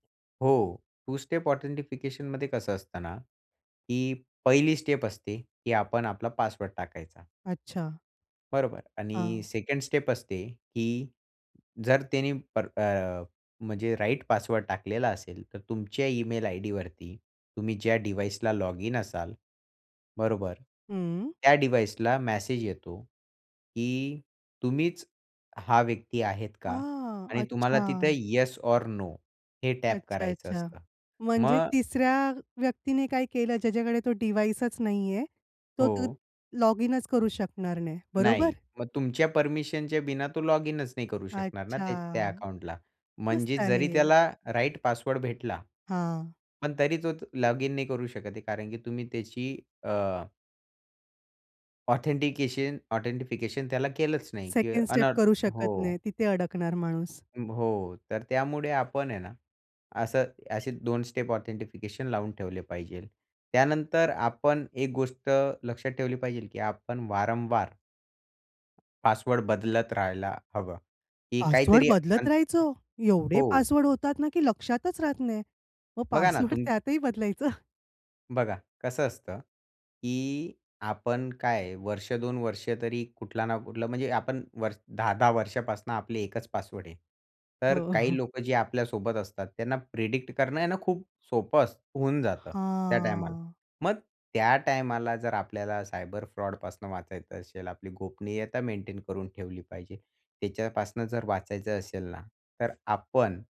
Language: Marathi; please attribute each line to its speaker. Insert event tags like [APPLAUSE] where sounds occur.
Speaker 1: हो, टु स्टेप ऑथेंटिफिकेशनमध्ये कसं असतं ना, की पहिली स्टेप असते, की आपण आपला पासवर्ड टाकायचा.
Speaker 2: अच्छा.
Speaker 1: बरोबर. आणि
Speaker 2: हां.
Speaker 1: सेकंड स्टेप असते, की जर त्यांनी पर अ, म्हणजे राइट पासवर्ड टाकलेला असेल, तर तुमच्या इमेल आयडीवरती, तुम्ही ज्या डिव्हाइसला लॉगिन असाल, बरोबर.
Speaker 2: हं.
Speaker 1: त्या डिव्हाइसला मेसेज येतो, की तुम्हीच हा व्यक्ती आहेत का?
Speaker 2: हां,
Speaker 1: आणि तुम्हाला तिथे
Speaker 2: अच्छा.
Speaker 1: येस ओर नो हे टॅप
Speaker 2: अच्छा,
Speaker 1: करायचं
Speaker 2: अच्छा.
Speaker 1: असतं.
Speaker 2: म्हणजे
Speaker 1: मग
Speaker 2: तिसऱ्या व्यक्तीने काय केलं, ज्याच्याकडे तो डिव्हाइसच नाहीये, तो त
Speaker 1: हो.
Speaker 2: लॉगिनचं करू शकणार नाही. बरोबर?
Speaker 1: नाही, मग तुमच्या परमिशनच्या बिना तो लॉगिनच नाही करू शकणार ना,
Speaker 2: अच्छा.
Speaker 1: त्या त्या अकाउंटला,
Speaker 2: मस्त
Speaker 1: म्हणजेच
Speaker 2: आहे
Speaker 1: जरी
Speaker 2: हे.
Speaker 1: त्याला राइट पासवर्ड भेटला,
Speaker 2: हां.
Speaker 1: पण तरी तो तो लॉगिन नाही करू शकत आहे, कारण की तुम्ही त्याची अ ऑथेंटिकेशन ऑथेंटिफिकेशन, त्याला केलंच नाही,
Speaker 2: सेकंड
Speaker 1: अन
Speaker 2: स्टेप करू शकत नाही,
Speaker 1: हो.
Speaker 2: तिथे अडकणार माणूस.
Speaker 1: ब हो, तर त्यामुळे आपण आहे ना, असं असे 2 स्टेप ऑथेंटिफिकेशन लावून ठेवले पाहिजेल, त्यानंतर आपण एक गोष्ट लक्षात ठेवली पाहिजेल, की आपण वारंवार पासवर्ड बदलत राहायला हवं, की
Speaker 2: पासवर्ड
Speaker 1: काहीतरी
Speaker 2: बदलत
Speaker 1: अन
Speaker 2: राहायचो. एवढे
Speaker 1: हो.
Speaker 2: पासवर्ड होतात ना, की लक्षातच राहत नाही, मग
Speaker 1: बघा ना,
Speaker 2: पासवर्ड [CHUCKLES]
Speaker 1: तुम
Speaker 2: त्यातही बदलायचं.
Speaker 1: बघा, कसं असतं, की आपण काय आहे वर्ष 2 वर्ष तरी कुठला ना कुठलं, म्हणजे आपण 10-10 वर्षापासून आपली एकच पासवर्ड आहे, तर
Speaker 2: हो.
Speaker 1: काही
Speaker 2: [CHUCKLES]
Speaker 1: लोकं, जे आपल्यासोबत असतात, त्यांना प्रेडिक्ट करणं आहे ना, खूप सोपं असत होऊन जातं त्या टायमाला.
Speaker 2: हां.
Speaker 1: मग त्या टायमाला, जर त्या टायमाला आपल्याला सायबर फ्रॉडपासून वाचायचं असेल, आपली गोपनीयता मेंटेन करून ठेवली पाहिजे. त्याच्यापासनं जर वाचायचं असेल ना, तर आपण